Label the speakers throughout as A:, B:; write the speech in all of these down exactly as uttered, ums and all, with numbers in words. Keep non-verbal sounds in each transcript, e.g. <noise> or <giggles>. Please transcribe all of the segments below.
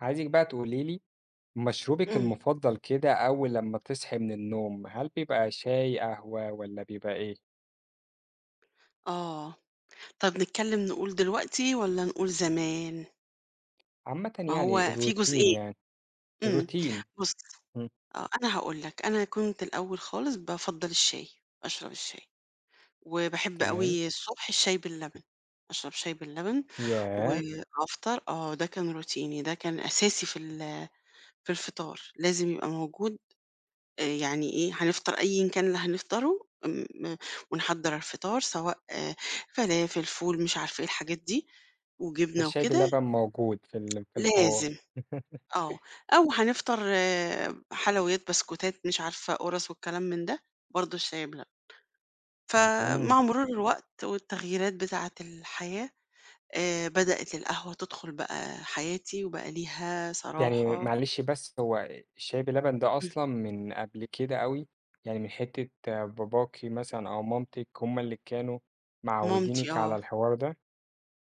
A: عايزِك بقى تقولي لي مشروبِك
B: امم.
A: المفضّل كده أول لمّا بتصحي من النوم هل بيبقى شاي، قهوة، والّا بيبقى إيه؟
B: آه، طَب نتكلّم نقول دلوقتي والّا نقول زمان؟
A: عامةً
B: ما
A: يعني
B: هو في
A: الRoutine
B: جزئين،
A: يعني،
B: إمم،
A: الRoutine
B: بُصّ
A: إمم.
B: آه أنا هاقول لك، أنا كنت الأول خالص بافضّل الشاي، أشرب الشاي، وباحب
A: تمام.
B: أوي الصبح الشاي باللبن، أشرب شاي باللبن
A: ياه!
B: وافطر آه ده كان روتيني ده كان أساسي في ال في الفطار، لازم يبقى موجود آآ يعني إيه هنفطر أيًا كان اللي هنفطره، م ونحضّر الفطار سواء آآ فلافل فول مش عارفة إيه الحاجات دي، وجبنة
A: فالشاي
B: وكده
A: بلبن موجود في ال في الحوار.
B: لازم آه،
A: <laughs>
B: أو هنفطر آآ حلويات بسكوتات مش عارفة قرص والكلام من ده، برضه الشاي بلبن،
A: اهم.
B: فمع مرور الوقت والتغييرات بتاعة الحياة، آآ بدأِت القهوة تدخل بقى حياتي وبقى ليها
A: يعني
B: صراحة
A: معلش بس هو شاي بلبن ده
B: إمم.
A: أصلًا من قبل كده أوي؟ يعني من حِتّة باباكِ مثلًا أو مامتِك هُم اللي كانوا
B: مامتي
A: معوّدينِك
B: آه.
A: على الحوار ده؟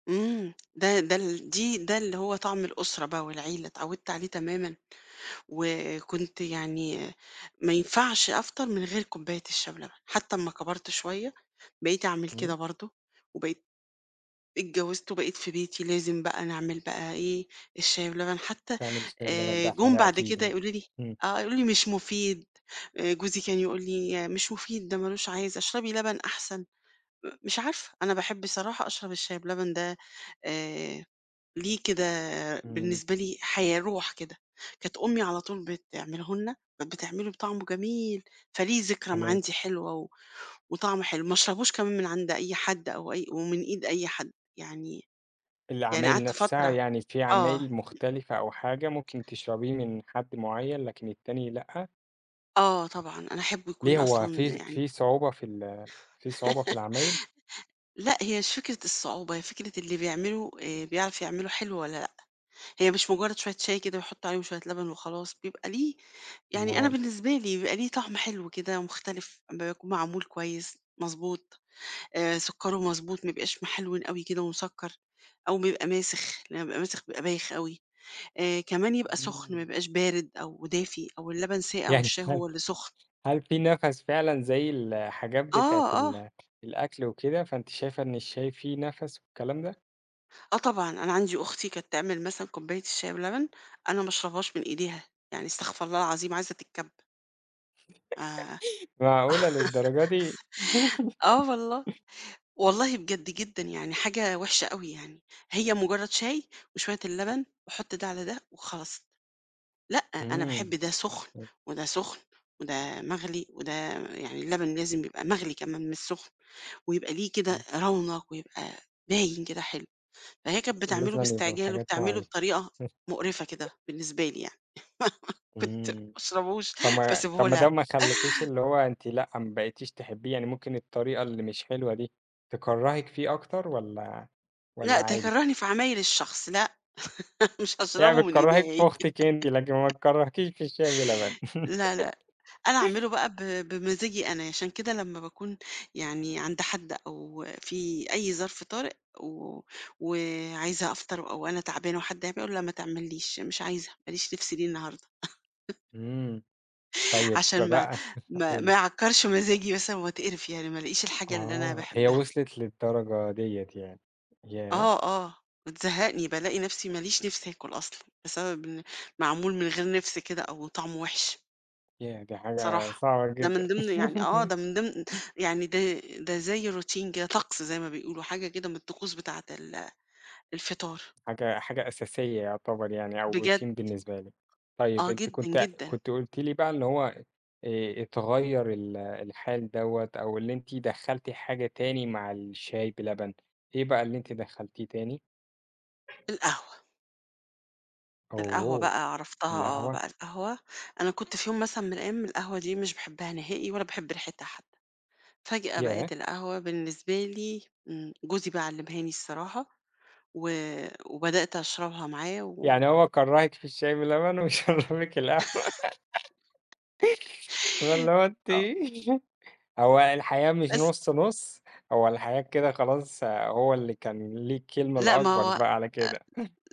B: امم، ده ده ال دي ده اللي هو طعم الأسرة بقى، والعيلة اتعودت عليه تمامًا، وكنت يعني ما ينفعش أفطر من غير كوباية الشاي بلبن، حتى أمّا كبرت شوية بقيت أعمل
A: امم.
B: كده برضه، وبقيت اتجوزت، وبقيت في بيتي لازم بقى نعمل بقى إيه، الشاي بلبن. حتى
A: تعمل الشاي بلبن
B: آآ،
A: ده
B: جُم
A: حاجة
B: بعد كده
A: أكيدة،
B: يقولوا لي
A: امم.
B: آه، يقولوا لي: "مش مفيد."، آآ، جوزي كان يقول لي: "مش مفيد، ده ما لوش عازة، اشربي لبن أحسن."، م مش عارفة أنا باحب الصراحة أشرب الشاي بلبن ده آآ، ليه كده
A: امم.
B: بالنسبة لي حياة روح كده، كانت أمي على طول بتعمله لنا، بتعمله بطعمه جميل، فليه ذكرى ما
A: تمام.
B: عندي حلوة، و وطعمه حلو، ما أشربوش كمان من عند أي حد، أو أي ومن إيد أي حد، يعني يعني
A: العمايل
B: قعدت
A: نفسها،
B: فترة
A: يعني في
B: آه.
A: عمايل مختلفة، أو حاجة ممكن تشربيه من حد مُعيّن، لكن التاني لأ؟
B: آه، طبعًا، أنا أحبّه يكون
A: ليه هو
B: أصلًا
A: في
B: يعني
A: في صعوبة في ال في صعوبة في
B: <laughs>
A: العمايل؟
B: لأ، هي مش فكرة الصعوبة، هي فكرة اللي بيعمله، آآ، بيعرف يعمله حلو، والّا لأ، هي مش مجرد شوية شاي كده، ويحط عليهم شوية لبن وخلاص، بيبقى ليه يعني أنا
A: أومال؟
B: بالنسبة لي بيبقى ليه طعم حلو كده، ومختلف أمّا بيكون معمول كويس مضبوط، آآ، سكره مضبوط، ما يبقاش محلوِن أوي كده ومسكّر، أو بيبقى ماسخ، لمّا بيبقى ماسخ بيبقى بايخ أوي، آآ، كمان يبقى سخن، ما
A: امم.
B: يبقاش بارد أو دافي، أو اللبن ساقع
A: يعني
B: والشاي
A: هل
B: هو اللي سخن.
A: هل في نَفَس فعلًا زَي الحاجات بتاعة
B: آه، آه.
A: ال الأكل وكده، فأنتِ شايفة إن الشاي فيه نَفَس، والكلام ده؟
B: آه طبعًا أنا عندي أختي كانت تعمل مثلًا كوباية الشاي بلبن، أنا ما اشربهاش من إيديها، يعني استغفر الله العظيم عايزة تتكب. آآ <laughs>
A: <chuckles> معقولة للدرجة دي!
B: آه والله،
A: <laughs>
B: والله بجد جدًا يعني حاجة وِحشة أوي يعني، هي مجرّد شاي وشوية اللبن وحط ده على ده وخلاص، لأ أنا باحب
A: إمم.
B: ده سُخن
A: <unintelligible>
B: وده سُخن وده مغلي وده يعني اللبن لازم يبقى مغلي كمان مش سُخن، ويبقى ليه كده
A: إمم.
B: رونق ويبقى باين كده حلو، فهي كانت بتعمله
A: لازمًا يبقى في
B: باستعجال
A: حاجات
B: وبتعمله
A: مُعيّنة.
B: بطريقة مقرفة كده
A: <chuckles>
B: بالنسبة لي يعني، <laughs> كنت ما
A: إمم.
B: أشربوش
A: طَب ما
B: باسيبه
A: طَب ده
B: لها.
A: ما يخلّيكيش اللي هو أنتِ لأ ما بقيتيش تحبيه؟ يعني ممكن الطريقة اللي مش حلوة دي تكرّهِك فيه أكتر والّا والّا
B: لأ
A: عادي؟
B: تكرّهني في عمايل الشخص لأ، <chuckles> مش
A: يعني
B: هاشربه من إيديها
A: بتكرّهِك في
B: هي.
A: أختِك أنتِ لكن ما
B: <laughs>
A: تكرّهكيش في الشاي باللبن.
B: لا، لأ، أنا أعمله
A: <laughs>
B: بقى ب بمزاجي أنا، عشان كده لمّا باكون يعني عند حد أو في أي ظرف طارئ و وعايزة أفطر أو أنا تعبانة وحد هيعمل أقول لا ما تعمل ليش مش عايزة، ماليش نِفْس ليه النهارده. <chuckles>
A: إمم. طيب ب
B: عشان ما
A: بقى <chuckles>
B: ما ما
A: قولي.
B: يعكّرش مزاجي مثلًا وأتقِرِف يعني ما لقيش الحاجة اللي أنا
A: آه هي
B: باحبها.
A: وصلت للدرجة ديّة يعني. ياه!
B: آه، آه، بتزهّقني بالاقي نفْسي ماليش نِفْس آكُل أصلًا، بسبب إن معمول من غير نِفْس كده أو طعمه وِحِش.
A: ياه! دي حاجة
B: صراحة،
A: صعبة
B: ده
A: جدًا.
B: من ضمن يعني آه ده من ضمن
A: <laughs>
B: يعني ده ده زيّ Routine كده طقس زيّ ما بيقولوا حاجة كده من الطقوس بتاعة ال الفطار.
A: حاجة حاجة أساسية يُعتبر يعني أو Routine
B: بجد.
A: بالنسبة لي، طيب
B: آه
A: أنتِ
B: جدًا،
A: كنتِ
B: جدًا.
A: كنتِ قُلتِ لي بقى إن هو آآ، اتغيّر ال الحال دوّة أو اللي أنتِ دخّلتِ حاجة تاني مع الشاي بلبن، إيه بقى اللي أنتِ دخّلتيه تاني؟
B: القهوة. القهوة
A: أوه!
B: بقى عرفتها آه
A: القهوة؟!
B: بقى القهوة، أنا كنت في يوم مثلًا من الأيام القهوة دي مش باحبها نهائي ولا باحب ريحتها حتّي، فجأة
A: ياه!
B: بقِت القهوة بالنسبة لي امم، جوزي بقي علّمها لي الصراحة، و وبدأت أشربها معاه و
A: يعني هو كرّهِك في الشاي بلبن وشرّبِك القهوة. <laughs>
B: <chuckles>
A: واللي هو أنتِ
B: آه.
A: هو الحقيقة مش
B: بس.
A: نُص، نُص، هو الحقيقة كده خلاص هو اللي كان ليه الكلمة
B: لأ ما
A: الأكبر
B: هو
A: بقى على كده.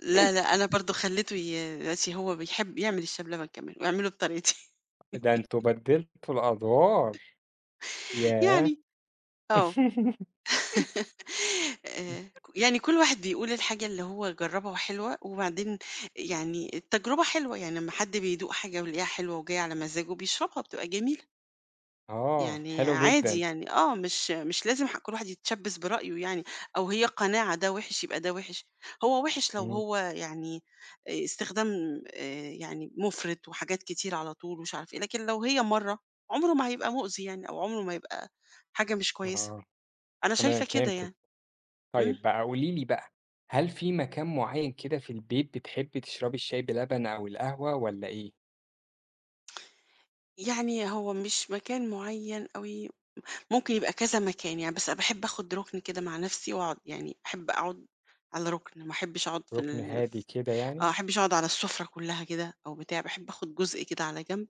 B: لا، لأ، أنا برضو خلّيته ي دلوقتي هو بيحب يعمل الشاي بلبن كمان، ويعمله بطريقتي.
A: ده أنتم
B: <laughs>
A: بدّلتوا الأدوار، ياه!
B: يعني، آه،
A: <laughs>
B: <laughs> آآ، ك يعني كلّ واحد بيقول الحاجة اللي هو جرّبها وحلوة، وبعدين يعني التجربة حلوة يعني أمّا حد بيدوق حاجة ويلاقيها حلوة وجايه على مزاجه بيشربها بتبقى جميلة.
A: آه،
B: يعني
A: حلو
B: عادي،
A: جدًا.
B: يعني آه، مش مش لازم ح كلّ واحد يتشبّث برأيه، يعني أو هي قناعة ده وحش، يبقى ده وحش، هو وحش لو
A: إمم.
B: هو يعني استخدام آآ يعني مُفرِط، وحاجات كتيرة على طول، ومش عارف إيه، لكن لو هي مرّة عُمره ما هيبقى مؤذي يعني، أو عُمره ما يبقى حاجة مش كويسة،
A: آه،
B: أنا
A: تمام
B: شايفة كده
A: فهمتِك.
B: يعني. إمم.
A: طيب بقى قولي لي بقى، هل في مكان معيّن كده في البيت، بتحبّي تشربي الشاي بلبن، أو القهوة، والّا إيه؟
B: يعني هو مش مكان معيّن أوي، ممكن يبقى كذا مكان يعني، بس باحب آخد ركن كده مع نفسي، وأقعد يعني أحب أقعد على ركن، ما أحبش أقعد في
A: رُكن
B: ال
A: هادي كده
B: آه، ما
A: يعني؟
B: أحبش أقعد على السفرة كلّها كده أو بتاع، باحب أخد جزء كده على جنب،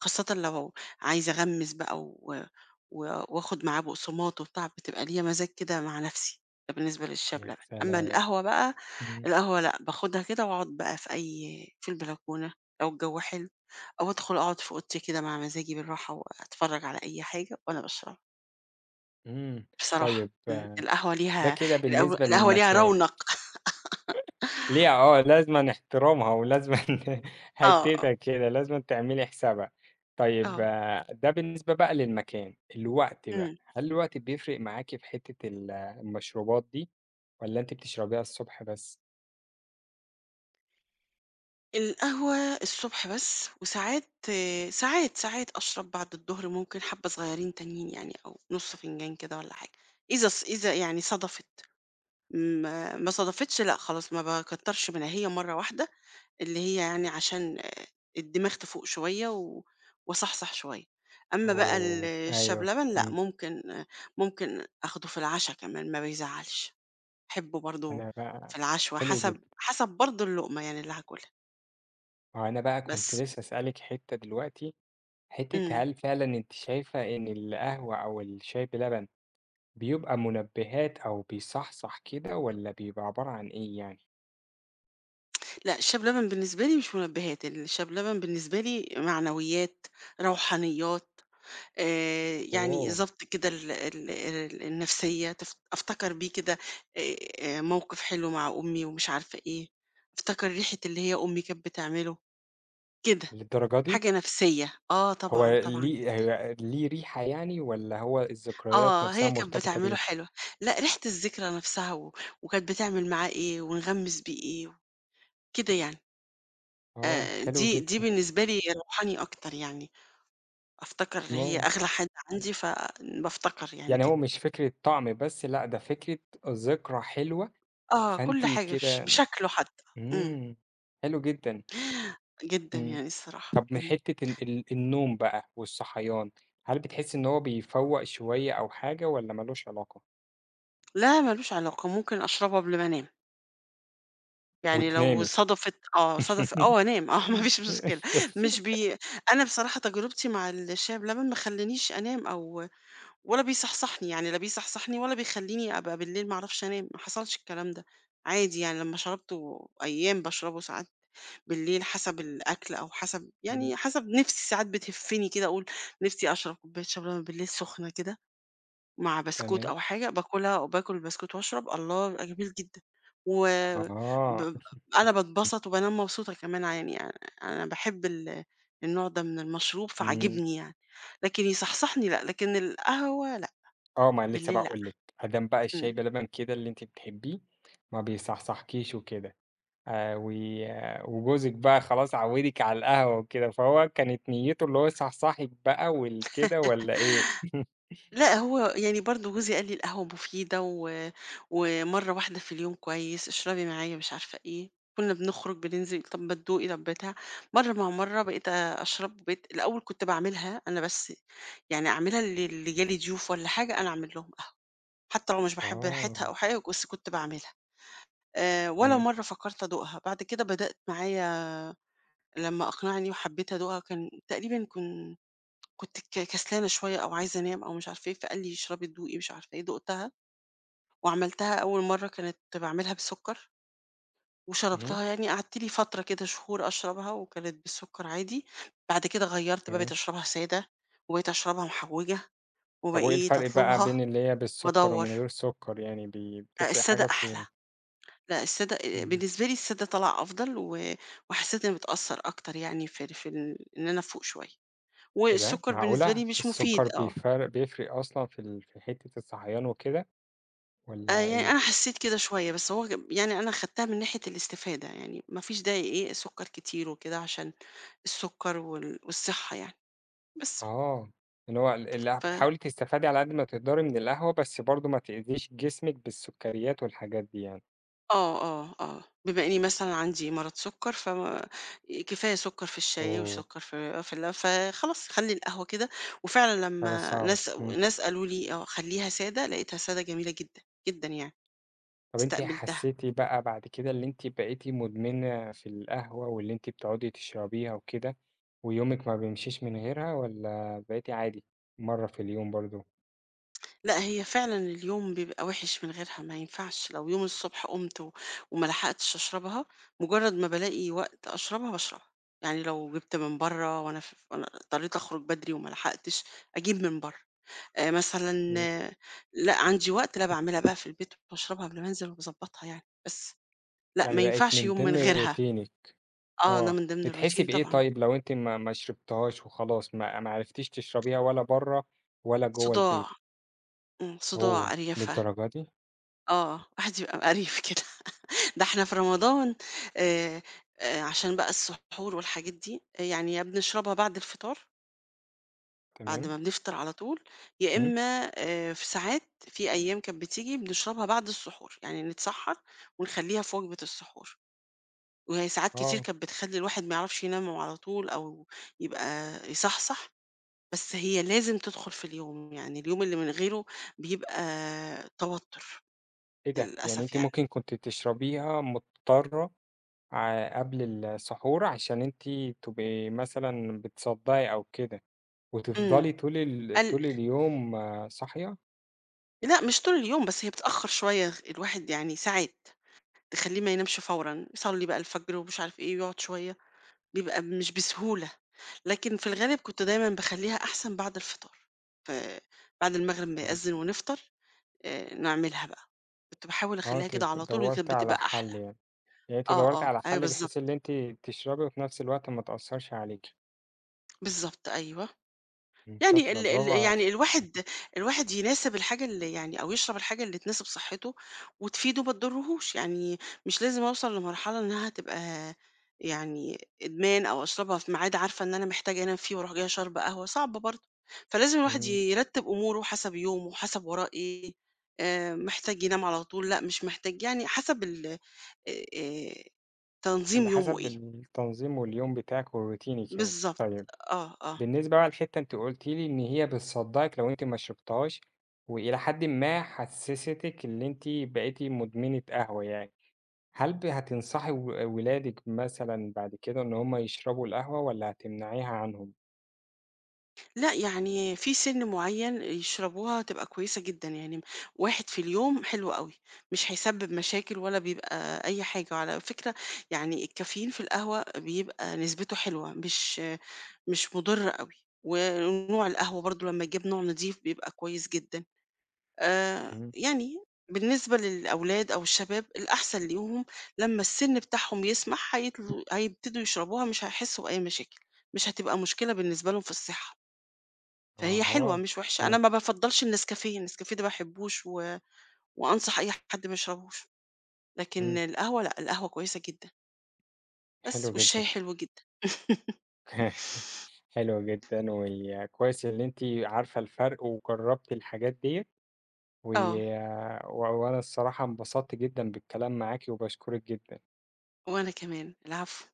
B: وخاصةً لو عايزة أغمّس بقى، و و وآخد معاه بُقصمات وبتاع، بتبقى ليّا مزاج كده مع نفسي، ده بالنسبة للشاي
A: يا
B: بلبن، أمّا
A: سلام!
B: القهوة بقى،
A: إمم.
B: القهوة لأ، باخدها كده وأقعد بقى في أي في البلكونة لو الجَو حلو، أو أدخل أقعد في أوضتي كده مع مزاجي بالراحة، وأتفرّج على أي حاجة، وأنا باشربها.
A: إمم،
B: بصراحة،
A: طيب
B: إمم، القهوة
A: ده
B: ليها
A: كده
B: الق
A: بالنسبة
B: القهوة ليها
A: للمكان.
B: رَونق. <laughs>
A: <laughs> ليها آه لازمًا احترامها، ولازمًا
B: آه، آه.
A: حتتها كده، لازمًا تعملي حسابها، طيب،
B: آه.
A: ده بالنسبة بقى للمكان، الوقت بقى،
B: إمم.
A: هل الوقت بيفرق معاكِ في حتّة ال المشروبات دي، والّا أنتِ بتشربيها الصبح بس؟
B: القهوة الصبح بس، وساعات، ساعات، ساعات أشرب بعد الضهر، ممكن حابّة صغيرين تانيين يعني، أو نُص فنجان كده والّا حاجة، إذا ص إذا يعني صدفت، ما ما صدفتش لأ خلاص، ما باكترش منها، هي مرّة واحدة اللي هي يعني عشان الدماغ تفوق شوية و واصحصح شوية. أمّا بقى ال
A: أوه!
B: الشاي
A: أيوه،
B: بلبن، لأ،
A: إمم.
B: ممكن ممكن آخده في العشا كمان، ما بيزعّلش، باحبه برضه
A: أنا
B: في
A: بقى
B: العشوّة،
A: حلو جدًا.
B: حسب حسب برضه اللقمة يعني اللي هاكُلها.
A: ما هو أنا بقى كنت
B: بس.
A: نفسي أسألِك حتّة دلوقتي،
B: إمم.
A: حتّة هل فعلًا أنتِ شايفة إن القهوة أو الشاي بلبن بيبقى منبهات، أو بيصحصح كده، والّا بيبقى عبارة عن إيه يعني؟
B: لأ الشاي بلبن بالنسبة لي مش منبهات، الشاي بلبن بالنسبة لي معنويات، روحانيات، آآ، يعني
A: أوه!
B: ضبط كده ال ال ال النفسية، تف أفتكر بيه كده آآ موقف حلو مع أمي ومش عارفة إيه، افتكر ريحة اللي هي أمي كانت بتعمله، كده،
A: للدرجة دي؟
B: حاجة نفسية، آه
A: هو
B: طبعًا، طبعًا،
A: ليه
B: جدًا.
A: هي ليه ريحة يعني والّا هو الذكريات
B: آه،
A: نفْسها
B: هي كانت
A: مرتبطة
B: بتعمله
A: بيه؟
B: حلو، لأ ريحة الذكرى نفْسها و وكانت بتعمل معاه إيه ونغمِّس بيه إيه، كده يعني.
A: آه،
B: آآ،
A: حلو
B: دي دي
A: جدًا.
B: بالنسبة لي روحاني أكتر يعني، أفتكر اللي هي
A: آه.
B: أغلى حد عندي، فبافتكر يعني
A: يعني هو
B: كده.
A: مش فكرة طَعَم بس، لأ ده فكرة ذكرى حلوة،
B: آه كل
A: فأنتِ
B: حاجة بش
A: كده
B: بشكله حتى، إمم.
A: إمم، حلو جدًا،
B: جدًا
A: إمم،
B: يعني الصراحة،
A: طَب من
B: امم.
A: حِتّة ال ال النوم بقى والصحيان، هل بتحسي إن هو بيفوَّق شوية أو حاجة والّا ما لوش علاقة؟
B: لا ما لوش علاقة، ممكن أشربه قبل ما أنام. يعني لو
A: وتنامي!
B: صدفت، آه، صدف آه وأنام، آه ما فيش مشكلة مش
A: <giggles>
B: بي أنا بصراحة تجربتي مع الشاي بلبن، ما خلانيش أنام أو ولا بيصحصحني يعني، لا بيصحصحني ولا بيخليني أبقى بالليل ما أعرفش أنام، ما حصلش الكلام ده، عادي يعني لمّا شربته، أيام باشربه ساعات بالليل، حسب الأكل أو حسب
A: إمم.
B: يعني حسب نفْسي ساعات بتهفني كده، أقول: "نفْسي أشرب كوباية شاي بلبن بالليل سخنة كده، مع بسكوت
A: تمام.
B: أو حاجة، باكلها وباكل بسكوت وأشرب، الله! يبقى جميل جدًا." و
A: أها.
B: ب أنا
A: <chuckles>
B: باتبسط وبانام مبسوطة كمان ع يعني، آآ، أنا باحب ال النوع ده من المشروب،
A: إمم.
B: فعاجبني يعني، لكن يصحصحني لأ، لكن القهوة لأ،
A: آه، ما لسه
B: بالليل لأ،
A: باقول لِك، أدام بقى الشاي
B: إمم.
A: بلبن كده اللي أنتِ بتحبيه، ما بيصحصحكيش وكده، آآ، وي وجوزِك بقى خلاص عوّدك على القهوة وكده فهو كانت نيته اللي هو يصحصحِك بقى وال كده والّا إيه؟
B: <laughs>
A: <chuckles>
B: لأ، هو يعني برضه جوزي قال لي: "القهوة مفيدة و ومرّة واحدة في اليوم كويس، اشربي معايا، مش عارفة إيه." كنا بنخرج بننزل، "طَب ما تدوقي، طَب بتاع." مرّة مع مرّة، بقيت أ أشرب، وبقيت الأول كنت باعملها أنا بس، يعني أعملها ل ل جا لي ضيوف والّا حاجة، أنا أعمل لهم قهوة، حتى لو مش باحب ريحتها
A: آه.
B: أو حاجة، بس كنت باعملها، آآ، ولا
A: تمام.
B: مرّة فكرت أدوقها، بعد كده بدأت معايا لمّا أقنعني وحبيت أدوقها، كان تقريبًا كن كنت ك كسلانة شوية أو عايزة أنام أو مش عارفة إيه، فقال لي: "اشربي، دوقي، مش عارفة إيه." دُقتها وعملتها أول مرّة، كانت باعملها بسكر
A: إمم.
B: وشربتها يعني، قعدت لي فترة كده شهور أشربها وكانت بالسكر عادي، بعد كده غيرّت بقى بقيت
A: تمام.
B: أشربها سادة وبقيت أشربها محوجة
A: طَب وإيه
B: وبقيت
A: الفرق بقى
B: أطلبها
A: بين اللي هي بالسكر
B: وأدوَّر.
A: ومن غير السكر، يعني ب
B: آآ،
A: بتفرق
B: السادة
A: حاجة
B: أحلى،
A: في
B: لأ السادة
A: إمم.
B: بالنسبة لي السادة طلع أفضل و وحسيت إن بتأثّر أكتر يعني في ال في ال إن أنا أفوق شوية،
A: إيه ده؟
B: والسكر بالنسبة
A: معقولة!
B: لي مش
A: السكر
B: مفيد آه.
A: بيفر بيفرق أصلًا في ال في حِتّة الصحيان وكده
B: آآ،
A: والّا
B: يعني
A: إيه؟
B: أنا حسيت كده شوية، بس هو كا يعني أنا خدتها من ناحية الاستفادة يعني، ما فيش داعي إيه، سكر كتير وكده، عشان السكر وال والصحة يعني، بس.
A: آه، اللي هو ال اللي
B: ف
A: بتحاولي تستفادي على قد ما تقدري من القهوة، بس برضه ما تؤذيش جسمِك بالسكريات والحاجات دي يعني.
B: آه، آه، آه، بِما إني مثلًا عندي مرض سُكّر فما كفاية سُكّر في الشاي
A: أوه.
B: وسُكّر في في ال فخلاص خلّي القهوة كده، وفعلًا
A: حاجه
B: لمّا
A: صعبَة،
B: ناس
A: إمم.
B: ناس قالوا لي آه خلّيها سادة لقيتها سادة جميلة جدًا، جدًا يعني،
A: طَب أنتِ
B: إستقبِلتها.
A: حسّيتِ بقى بعد كده اللي أنتِ بقيتِ مُدمِنة في القهوة واللي أنتِ بتقعٌدي تشرَبيها وكده، ويومِك ما بيمشيش من غيرها؟ والّا بقيتِ عادي مرّة في اليوم برضه؟
B: <tsk> لأ هي فعلًا اليوم بيبقى وحِش من غيرها ما ينفعش، لو يوم الصُّبح قُمت و وما لَحقتش أشربها، مُجرّد ما بالاقي وقت أشربها باشربها، يعني لو جِبت من برّه وأنا ف وأنا اضطريت أخرُج بَدري وما لَحقتش أجيب من برّه، آآ مثلًا
A: إمم.
B: لأ عندي وقت، لا باعملها بقى في البيت وباشربها قبل ما انزل وبضبّطها يعني بس، لأ ما
A: يعني بَقِت
B: ينفعش
A: من
B: يوم من
A: ضمن
B: غيرها،
A: روتينِك
B: آه ده
A: آه،
B: من ضمن
A: بتحسّي
B: الroutine
A: بإيه
B: طبعًا.
A: طيّب لو أنتِ ما ما شربتيهاش وخلاص ما ما عرفتيش تشرَبيها ولا برّه ولا جوّه البيت؟
B: صُداع، إمم صُداع
A: أوه!
B: قريَفة،
A: للدرجة دي؟
B: آه واحد يبقى مِقَريف كده، <chuckles> ده إحنا في رمضان آآ عشان بقى السّحور والحاجات دي، يعني يا بنشربها بعد الفطار بعد ما
A: تمام.
B: بنفطر على طول يا
A: إمم.
B: إمّا آآ، في ساعات في أيام كان بتيجي، بنشربها بعد السحور، يعني نتسحّر ونخلّيها في وجبة السحور، وهي ساعات كتير
A: آه.
B: كان بتخلّي الواحد ما يعرفش ينام على طول أو يبقى يصحصح، بس هي لازم تدخُل في اليوم، يعني اليوم اللي من غيره بيبقى توتُّر،
A: إيه ده؟! يعني
B: للأسف
A: أنتِ
B: يعني.
A: ممكن كنتِ تشربيها مُضطرة ع قبل السحور علشان أنتِ تبقي مثلًا بتصدّعي أو كده،
B: إمم.
A: وتفضلي طول ال
B: ال
A: طول اليوم صاحية؟
B: لأ مش طول اليوم، بس هي بتأخّر شوية، الواحد يعني ساعات تخلّيه ما ينامش فورًا، يصلّي بقى الفجر ومش عارف إيه ويقعُد شوية، بيبقى مش بسهولة، لكن في الغالِب كنت دايمًا باخلّيها أحسن بعد الفطار، فبعد المغرب ما
A: إمم.
B: يأذّن ونفطر آآ، نعملها بقى. كنت باحاول
A: آه،
B: أخلّيها
A: أنتِ
B: كده على طول وكانت
A: دوّرتِ على
B: بتبقى
A: حَل
B: أحلى.
A: يعني. يعني أنتِ
B: آه،
A: دوّرتِ
B: آه،
A: على
B: أيوه
A: حَل بحيث
B: بالضبط.
A: اللي أنتِ تشربي وفي نَفْس الوقت ما تأثّرش عليكِ.
B: بالضبط أيوه.
A: إمم،
B: يعني
A: شاطرة،
B: ال ال
A: برافو
B: يعني
A: عليكِ. همم.
B: الواحد الواحد يناسب الحاجة اللي يعني أو يشرب الحاجة اللي تناسب صحّته وتفيده ما تضرّهوش، يعني مش لازم أوصل لمرحلة إنّها تبقى يعني إدمان أو أشربها في ميعاد عارفة إن أنا محتاجة أنام فيه وأروح جاية شاربة قهوة، صعب برضه. فلازم الواحد ي
A: إمم.
B: يرتّب أموره حَسَب يومه، حَسَب وراه إيه، آآ محتاج ينام على طول، لأ مش محتاج، يعني حَسَب ال آآ، تنظيم
A: اللي
B: يومه
A: حَسَب
B: إيه.
A: التنظيم واليوم بتاعِك وروتينِك يعني.
B: بالضبط،
A: طيب،
B: آه، آه.
A: بالنسبة بقى للحتّة أنتِ قُلتِ لي إن هي بتصدّعِك لو أنتِ ما شربتيهاش وإلى حدٍ ما حسّستِك اللي أنتِ بقيتِ مُدمنة قهوة يعني، هل ب هتنصحي و ولادِك مثلًا بعد كده إن هم يشربوا القهوة والّا هتمنعيها عنهم؟
B: لأ، يعني في سِن معيّن يشربوها هتبقى كويسة جدًا، يعني م واحد في اليوم حلو أوي، مش هيسبِّب مشاكل ولا بيبقى أي حاجة. وعلى فكرة يعني الCaffeine في القهوة بيبقى نسبته حلوة مش مش مُضرّة أوي، ونوع القهوة برضه لمّا يجيب نوع نظيف بيبقى كويس جدًا. آآ
A: إمم.
B: يعني بالنسبة للأولاد أو الشباب الأحسن ليهم لمّا السِن بتاعهم يسمح هيطلو هيبتدوا يشربوها مش هيحسّوا بأي مشاكل، مش هتبقى مشكلة بالنسبة لهم في الصحّة. فهي حلوة
A: أها،
B: مش وِحشة، أنا
A: إمم.
B: ما بافضّلش النسكافيه، النسكافسه ده ما باحبّوش و وأنصح أي حد ما يشربوش، لكن
A: إمم.
B: القهوة لأ، القهوة كويسة جدًا.
A: حلو
B: بس، والشاي
A: جدًا.
B: حلو جدًا. <laughs>
A: <chuckles> حلو جدًا وكويس اللي أنتِ عارفة الفَرْق وجرّبتِ الحاجات ديّة، و
B: آه.
A: و وأنا الصراحة انبسطت جدًا بالكلام معاكِ وباشكرِك جدًا.
B: وأنا كمان، العفو.